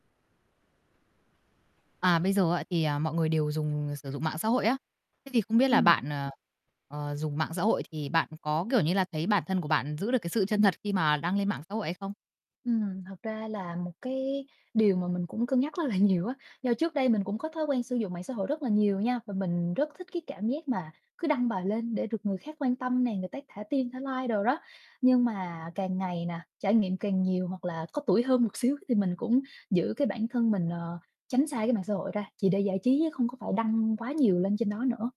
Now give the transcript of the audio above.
À, bây giờ á thì, à, mọi người đều dùng sử dụng mạng xã hội á. Thế thì không biết là Ừm. bạn, ờ, ờ, dùng mạng xã hội thì bạn có, kiểu như là, thấy bản thân của bạn giữ được cái sự chân thật khi mà đăng lên mạng xã hội hay không? Ừm, thật ra là một cái điều mà mình cũng cân nhắc rất là nhiều á do trước đây mình cũng có thói quen sử dụng mạng xã hội rất là nhiều nha và mình rất thích cái cảm giác mà cứ đăng bài lên để được người khác quan tâm nè, người tác thả tim thả like đồ đó. Nhưng mà càng ngày nè, trải nghiệm càng nhiều hoặc là có tuổi hơn một xíu thì mình cũng giữ cái bản thân mình, ờ, tránh xa cái mạng xã hội ra, chỉ để giải trí chứ không có phải đăng quá nhiều lên trên đó nữa.